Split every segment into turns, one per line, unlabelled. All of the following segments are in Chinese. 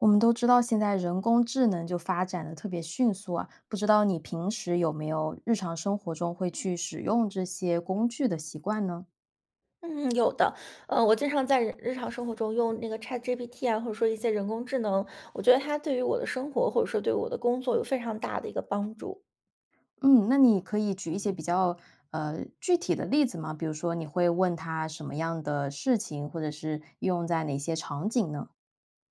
我们都知道现在人工智能就发展得特别迅速啊，不知道你平时有没有日常生活中会去使用这些工具的习惯呢？
嗯，有的，呃，我经常在日日常生活中用那个 ChatGPT 啊，或者说一些人工智能，我觉得它对于我的生活，或者说对我的工作有非常大的一个帮助。
嗯，那你可以举一些比较呃，具体的例子吗？比如说你会问它什么样的事情，或者是用在哪些场景呢？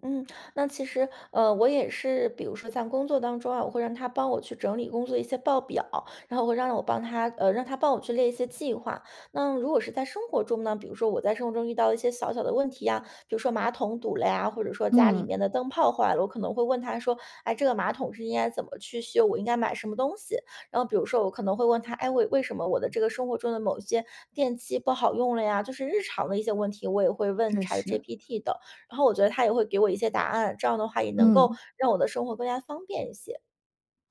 嗯，那其实，呃，我也是，比如说在工作当中啊，我会让它帮我去整理工作的一些报表，然后会让我帮它呃，让它帮我去列一些计划。那如果是在生活中呢，比如说我在生活中遇到的一些小小的问题呀，比如说马桶堵了呀，或者说家里
嗯。
面的灯泡坏了，我可能会问它说，哎，这个马桶是应该怎么去修，我应该买什么东西？然后比如说我可能会问它，哎，为为什么我的这个生活中的某一些电器不好用了呀，就是日常的一些问题，我也会问
确实。
ChatGPT 的。然后我觉得它也会给我一些答案，这样的话也能够
嗯。
让我的生活更加方便一些。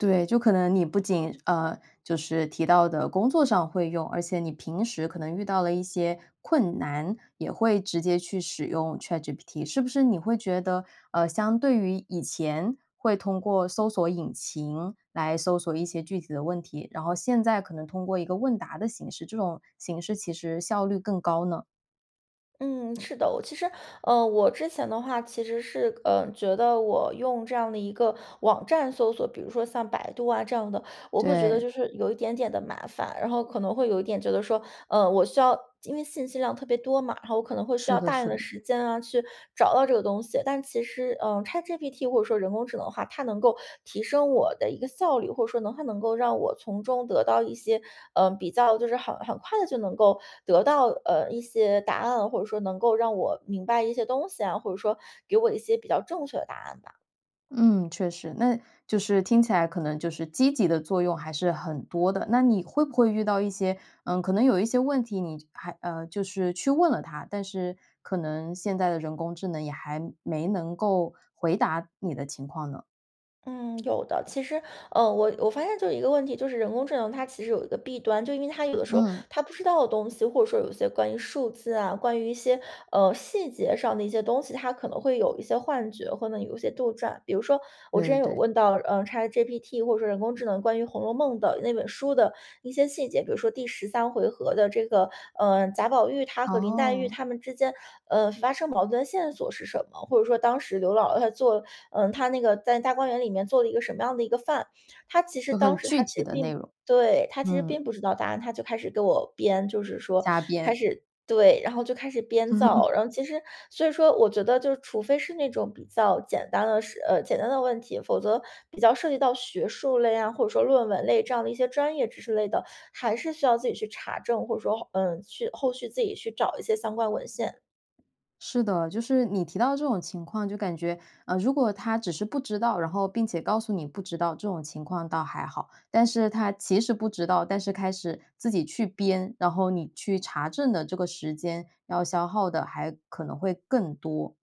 对，就可能你不仅，呃，就是提到的工作上会用，而且你平时可能遇到了一些困难，也会直接去使用 ChatGPT。是不是你会觉得，呃，相对于以前会通过搜索引擎来搜索一些具体的问题，然后现在可能通过一个问答的形式，这种形式其实效率更高呢？
嗯，是的。我其实呃，我之前的话其实是，呃，觉得我用这样的一个网站搜索，比如说像百度啊这样的，我会觉得
对。
就是有一点点的麻烦。然后可能会有一点觉得说，嗯，我需要因为信息量特别多嘛，然后我可能会需
是
要
的
大量
是
的
的。
时间，啊，去找到这个东西。但其实，嗯，ChatGPT 或者说人工智能的话，它能够提升我的一个效率，或者说能它能够让我从中得到一些，呃，比较就是很很快地就能够得到，呃，一些答案，或者说能够让我明白一些东西啊，或者说给我一些比较正确的答案吧。
嗯，确实，那就是听起来可能就是积极的作用还是很多的。那你会不会遇到一些，嗯可能有一些问题，你就还呃，就是去问了它，但是可能现在的人工智能也还没能够回答你的情况呢？
嗯，有的。其实，呃我我发现就有一个问题。就是人工智能它其实有一个弊端，就因为它有的时候，
嗯。
它不知道的东西，或者说有一些关于数字啊，关于一些，呃，细节上的一些东西，它可能会有一些幻觉或呢有一些杜撰。比如说，我
对
之
对
前有
对。
问到呃 ChatGPT，或者说人工智能关于《红楼梦》的那本书的一些细节。比如说第13回合的这个，呃，贾宝玉他和林黛玉
哦。
他们之间，呃，发生矛盾的线索是什么？或者说，当时刘姥姥她做，呃她那个在大观园里面做了一个什么样的一个饭？它其实
就
当
很
时它
具
其
体
实
的内
并
容，
对，它其实并
嗯。
不知道答案。它就开始给我编，就是说
瞎
开
编。
始对，然后就开始编造。然后其实，所以说我觉得就除非是那种比较简单的事呃简单的问题，否则，比较涉及到学术类啊，或者说论文类这样的一些专业知识类的，还是需要自己去查证。或者说，嗯，去后续自己去找一些相关文献。
是的。就是，你提到这种情况就感觉，嗯如果它只是不知道，然后并且告诉你不知道，这种情况倒还好。但是它其实不知道，但是开始自己去编，然后你去查证的这个时间要消耗的还可能会更多。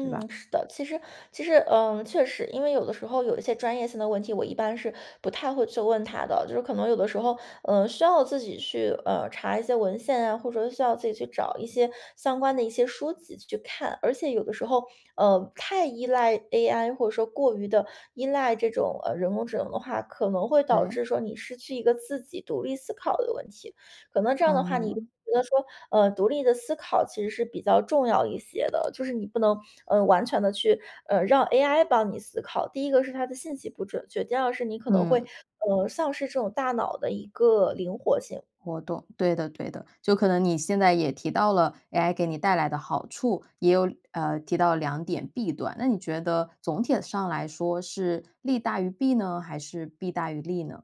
对吧。
是的。其实其实嗯，确实。因为有的时候有一些专业性的问题，我一般是不太会去问它的。就是可能有的时候，呃，需要自己去，呃，查一些文献啊，或者需要自己去找一些，相关的一些书籍去看。而且有的时候，呃，太依赖 AI 或者说过于的依赖这种，呃人工智能的话，可能会导
对。
致说你失去一个自己独立思考的一个问题。可能这样的话，你觉
哦。
得说呃独立的思考其实是比较重要一些的，就是你不能，嗯，完全地去呃，让 AI 帮你思考。第一个是它的信息不准确，第二个是你可能会，
嗯。
呃，丧失这种大脑的一个灵活性。
我懂。对的，对的，就可能你现在也提到了，AI 给你带来的好处。也有，呃提到2点弊端。那你觉得，总体上来说是，利大于弊呢？还是弊大于利呢？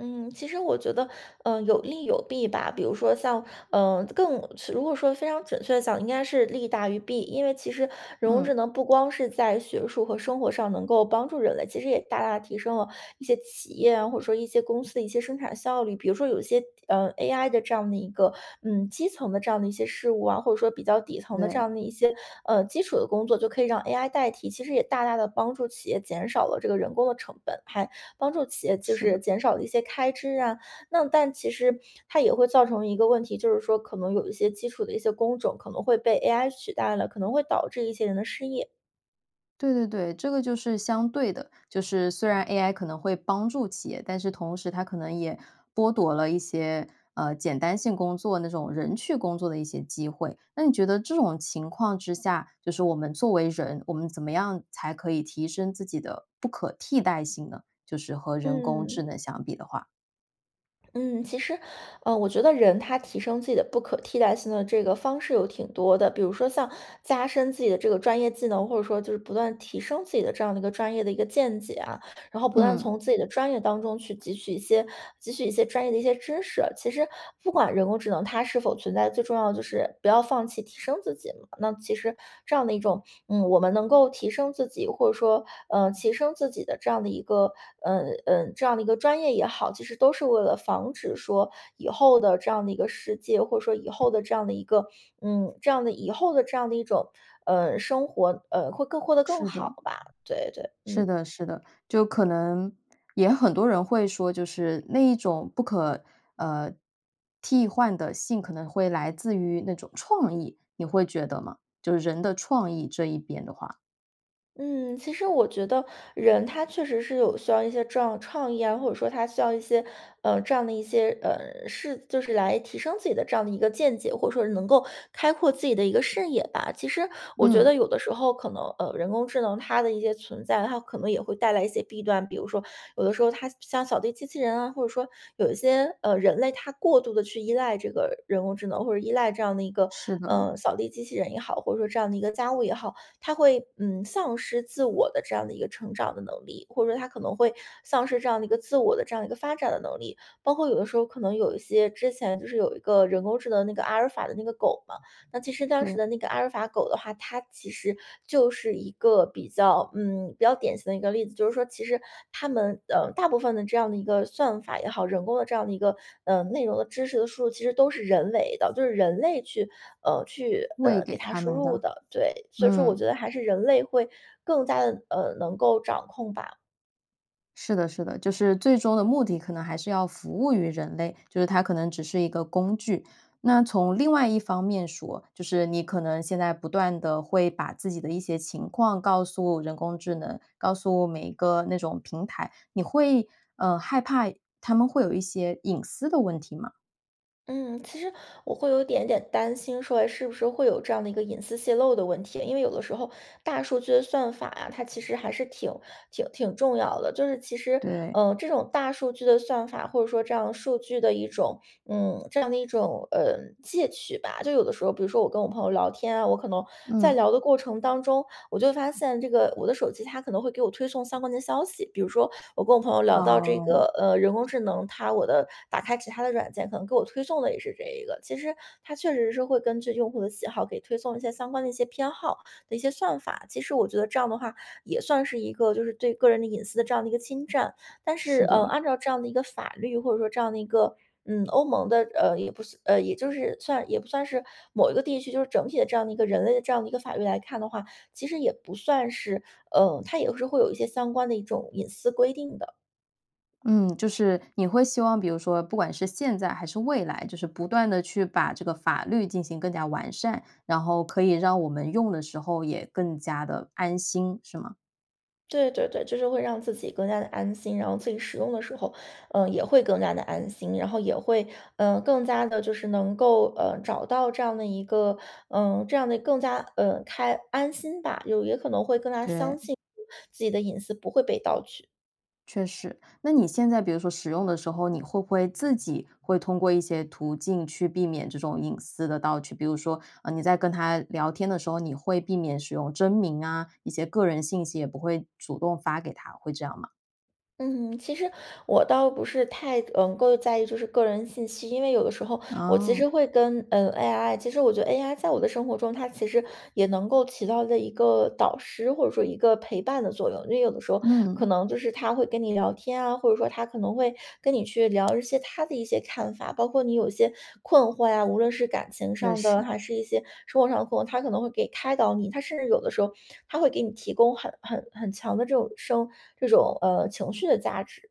嗯，其实我觉得，呃，有利有弊吧，比如说像呃，更是如果说非常准确地讲，应该是利大于弊。因为其实人工智
嗯。
能不光是在学术和生活上能够帮助人类，其实也大大地提升了一些企业啊，或者说一些公司的一些生产效率。比如说有一些，呃，AI 的这样的一个嗯，基层的这样的一些事物啊，或者说比较底层的这
对。
样的一些，呃，基础的工作就可以让 AI 代替，其实也大大地帮助企业减少了这个人工的成本。还帮助企业就
是
是
的。
减少了一些开支啊，那但其实它也会造成一个问题，就是说可能有一些基础的一些工种可能会被 AI 取代了，可能会导致一些人的失业。
对对对，这个就是相对的。就是虽然 AI 可能会帮助企业，但是同时它可能也剥夺了一些，呃，简单性工作那种人去工作的一些机会。那你觉得这种情况之下，就是我们作为人，我们怎么样才可以提升自己的不可替代性呢？就是和人工智
嗯。
能相比的话。
嗯，其实，呃，我觉得人他提升自己的不可替代性的这个方式有挺多的，比如说像加深自己的这个专业技能，或者说就是不断地提升自己的这样的一个专业的一个见解啊，然后不断地
嗯。
从自己的专业当中去汲取一些，汲取一些专业的一些知识。其实不管人工智能它是否存在，最重要的就是不要放弃提升自己。那其实这样的一种嗯，我们能够提升自己，或者说，呃，提升自己的这样的一个，呃，呃，这样的一个专业也好，其实都是为了防止说以后的这样的一个世界，或者说以后的这样的一个，嗯，这样的以后的这样的一种呃，生活，呃，会更过得更
是
好
的。
吧。对，对，
是
嗯。
的，是的，就可能也很多人会说，就是那一种不可，呃，替换的性可能会来自于那种创意，你会觉得吗？就是人的创意这一边的话。
嗯，其实我觉得人他确实是有需要一些这样的创意啊，或者说他需要一些，呃，这样的一些，呃，是就是来提升自己的这样的一个见解，或者说是能够开阔自己的一个视野吧。其实我觉
嗯。
得有的时候可能，呃，人工智能它的一些存在，它可能也会带来一些弊端。比如说有的时候它像像扫地机器人啊，或者说，有一些，呃，人类他过度地去依赖这个人工智能或者依赖这样的一个，
是的。
呃，扫地机器人也好，或者说这样的一个家务也好，它会，嗯，丧失自我的这样的一个成长的能力，或者说它可能会丧失这样的一个自我的这样一个发展的能力。包括有的时候可能有一些之前就是有一个人工智能那个阿尔法的那个狗嘛，那其实当时
对。
的那个阿尔法狗的话，它其实就是一个比较嗯，比较典型的一个例子，就是说其实它们呃，大部分的这样的一个算法也好，人工的这样的一个呃，内容的知识的输入其实都是人为的，就是人类去呃，去
喂
呃，给
给
它
它
输
们
入
的，
的，对。所以说我
嗯。
觉得还是人类会更加地呃，能够掌控吧。
是的，是的，就是最终的目的可能还是要服务于人类，就是它可能只是一个工具。那从另外一方面说，就是你可能现在不断地会把自己的一些情况告诉人工智能，告诉每一个那种平台，你会呃，害怕它们会有一些隐私的问题吗？
嗯，其实我会有一点点担心说哎，是不是会有这样的一个隐私泄漏的问题。因为有的时候大数据的算法啊，它其实还是挺挺挺重要的。就是其实，
对。
呃，这种大数据的算法，或者说这样数据的一种嗯，这样的一种呃，窃取吧。就有的时候，比如说我跟我朋友聊天啊，我可能在
嗯。
聊的过程当中，我就发现这个我的手机它可能会给我推送相关的消息，比如说我跟我朋友聊到这
哦。
个呃，人工智能它我的打开其它的软件可能给我推送的也是这一个。其实它确实是会根据用户的喜好给推送一些相关的一些偏好的一些算法。其实我觉得这样的话，也算是一个就是对个人的隐私的这样的一个侵占。但是
是
呃，
的。
按照这样的一个法律，或者说这样的一个嗯，欧盟的呃，也不算呃，也就是算也不算是某一个地区，就是整体的这样的一个人类的这样的一个法律来看的话，其实也不算是呃，它也是会有一些相关的一种隐私规定的。
嗯，就是你会希望，比如说不管是现在还是未来，就是不断地去把这个法律进行更加完善，然后可以让我们用的时候也更加地安心，是吗？
对，对对，就是会让自己更加地安心。然后自己使用的时候，呃，也会更加地安心，然后也会呃，更加地就是能够，呃，找到这样的一个，呃，这样的更加呃，开安心吧。就也可能会更加相
对。
信自己的隐私不会被盗取。
确实。那你现在比如说使用的时候，你会不会自己会通过一些途径去避免这种隐私的盗取。比如说，呃，你在跟它聊天的时候，你会避免使用真名啊，一些个人信息也不会主动发给它，会这样吗？
嗯哼，其实我倒不是太嗯，能够在意就是个人信息，因为有的时候我其实
哦。
会跟，嗯，AI 其实我觉得 AI 在我的生活中，它其实也能够起到的一个导师，或者说一个陪伴的作用。因为有的时候可
嗯。
能就是它会跟你聊天啊，或者说它可能会跟你去聊一些它的一些看法，包括你有一些困惑呀，无论是感情
认
上的
识。
还是一些生活上的困惑，它可能会给开导你。它甚至有的时候，它会给你提供很很很强的这种生这种呃，情绪的价值。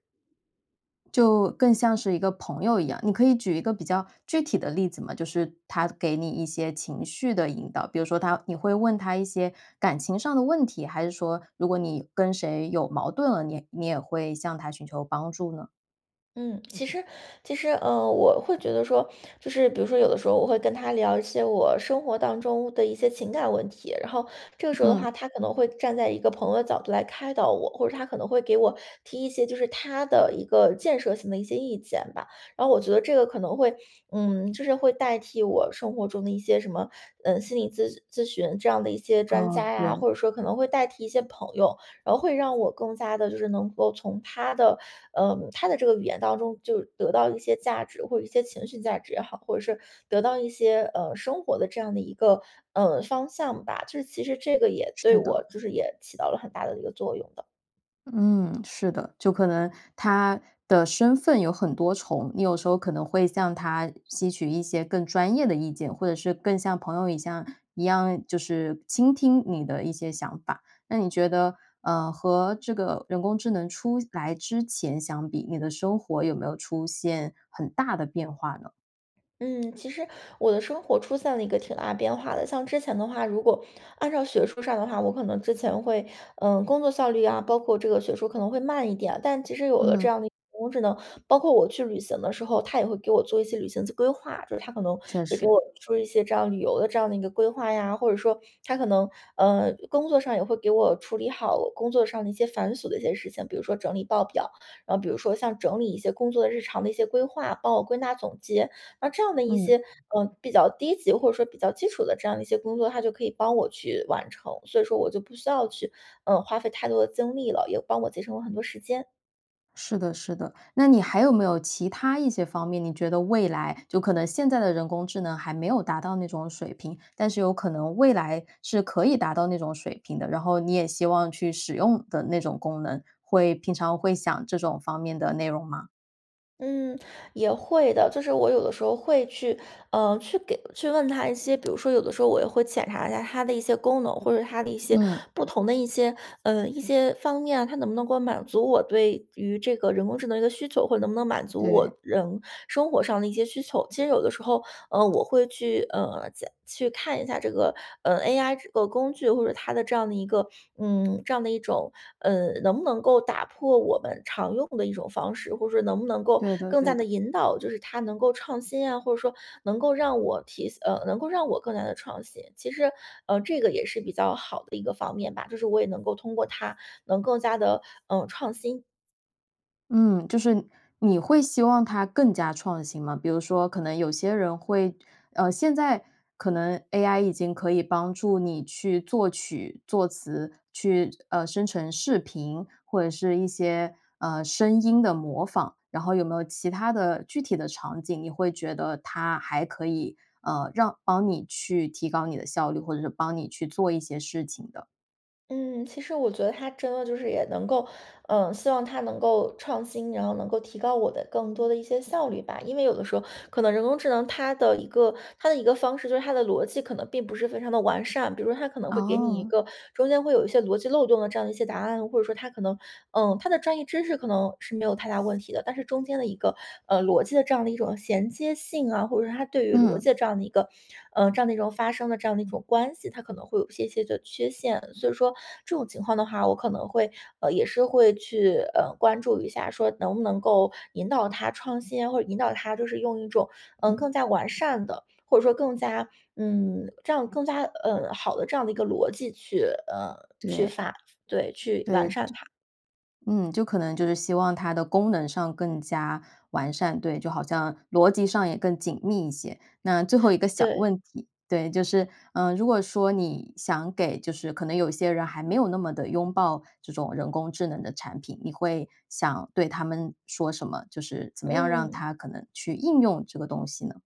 就更像是一个朋友一样，你可以举一个比较具体的例子嘛？就是它给你一些情绪的引导，比如说它你会问它一些感情上的问题，还是说如果你跟谁有矛盾了，你你也会向它寻求帮助呢？
嗯，其实其实呃，我会觉得说，就是比如说有的时候我会跟它聊一些我生活当中的一些情感问题，然后这个时候的
嗯。
话，它可能会站在一个朋友的角度来开导我，或者它可能会给我提一些就是它的一个建设性的一些意见吧。然后我觉得这个可能会嗯，就是会代替我生活中的一些什么呃，心理咨咨询这样的一些专
哦，
家呀，
对。
或者说可能会代替一些朋友。然后会让我更加地就是能够从它的呃，它的这个语言当中就得到一些价值，或者一些情绪价值也好，或者是得到一些呃，生活的这样的一个呃，方向吧。这其实这个也对
是
我
的。
就是也起到了很大的一个作用的。
嗯，是的，就可能它的身份有很多重，你有时候可能会向它吸取一些更专业的意见。或者是更像朋友一样一样，就是倾听你的一些想法。那你觉得呃，和这个人工智能出来之前相比，你的生活有没有出现很大的变化呢？
嗯，其实我的生活出现了一个挺大变化的。像之前的话，如果按照学术上的话，我可能之前会呃，工作效率啊，包括这个学术可能会慢一点。但其实有了这
嗯。
样的一个人工智能，包括我去旅行的时候，它也会给我做一些旅行季规划，就是它可能
确
会给
实。
我出一些这样旅游的这样的一个规划呀。或者说它可能呃，工作上也会给我处理好我工作上的一些繁琐的一些事情，比如说整理报表，然后比如说像整理一些工作的日常的一些规划，帮我归纳总结。那这样的一
嗯。
些呃，比较低级，或者说比较基础的这样的一些工作，它就可以帮我去完成。所以说我就不需要去呃，花费太多的精力了，也帮我节省了很多时间。
是的，是的，那你还有没有其他一些方面，你觉得未来就可能现在的人工智能还没有达到那种水平，但是有可能未来是可以达到那种水平的。然后你也希望去使用的那种功能，会平常会想这种方面的内容吗？
嗯，也会的，就是我有的时候会去呃，去给去问它一些，比如说有的时候我也会检查一下它的一些功能，或者它的一些
嗯。
不同的一些呃，一些方面啊。它能不能够满足我对于这个人工智能的一个需求，或者能不能满足
对。
我人生活上的一些需求。其实有的时候呃，我会去呃，加去看一下这个，呃，AI 这个工具或者它的这样的一个，嗯，这样的一种呃，能不能够打破我们常用的一种方式。或者说能不能够
对的，
更加
对
地
的。
引导，就是它能够创新啊，或者说能够让我提呃，能够让我更加地创新。其实，呃，这个也是比较好的一个方面吧，就是我也能够通过它能更加地，嗯，创新。
嗯，就是你会希望它更加创新吗？比如说可能有些人会，呃，现在可能 AI 已经可以帮助你去作曲、作词，去呃，生成视频，或者是一些呃，声音的模仿。然后有没有其他的具体的场景，你会觉得它还可以，呃，让帮你去提高你的效率，或者是帮你去做一些事情的？
嗯，其实我觉得它真的就是也能够，呃，希望它能够创新，然后能够提高我的更多的一些效率吧。因为有的时候可能人工智能，它的一个它的一个方式就是它的逻辑可能并不是非常地完善，比如说它可能会给你一
哦。
个中间会有一些逻辑漏洞的这样的一些答案。或者说它可能嗯，它的专业知识可能是没有太大问题的，但是中间的一个，嗯，逻辑的这样的一种衔接性啊，或者说它对于逻
嗯。
辑这样的一个，呃，这样的一种发生的这样的一种关系，它可能会有一些些的缺陷。所以说这种情况的话，我可能会呃，也是会去呃，关注一下说能不能够引导它创新呀，或者引导它就是用一种，嗯，
嗯。
更加完善的，或者说更加嗯，这样更加呃，好的这样的一个逻辑去呃，去
对。
发对，去完
对。
善它。
嗯，就可能就是希望它的功能上更加完善，对，就好像逻辑上也更紧密一些。那最后一个 小
对。
问题，对，就是呃，如果说你想给就是可能有一些人还没有那么地拥抱这种人工智能的产品，你会想对他们说什么？就是怎么样让
嗯。
他可能去应用这个东西呢？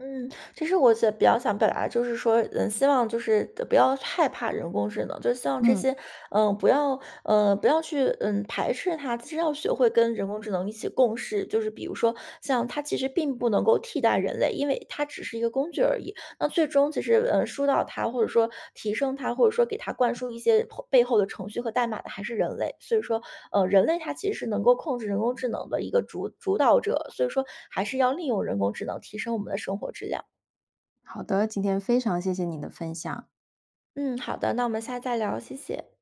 嗯，其实我想比较想表达的，就是说，嗯，希望就是，得不要害怕人工智能，就希望这
嗯。
些呃，不要呃，不要去，嗯，排斥它。其实要学会跟人工智能一起共事。就是比如说，像它其实并不能够替代人类，因为它只是一个工具而已。那最终其实，呃，疏导它，或者说提升它，或者说给它灌输一些后背后的程序和代码的还是人类。所以说，呃，人类他其实是能够控制人工智能的一个主主导者，所以说还是要利用人工智能提升我们的生活质量。
好的，今天非常谢谢你的分享。
嗯，好的，那我们下次再聊，谢谢。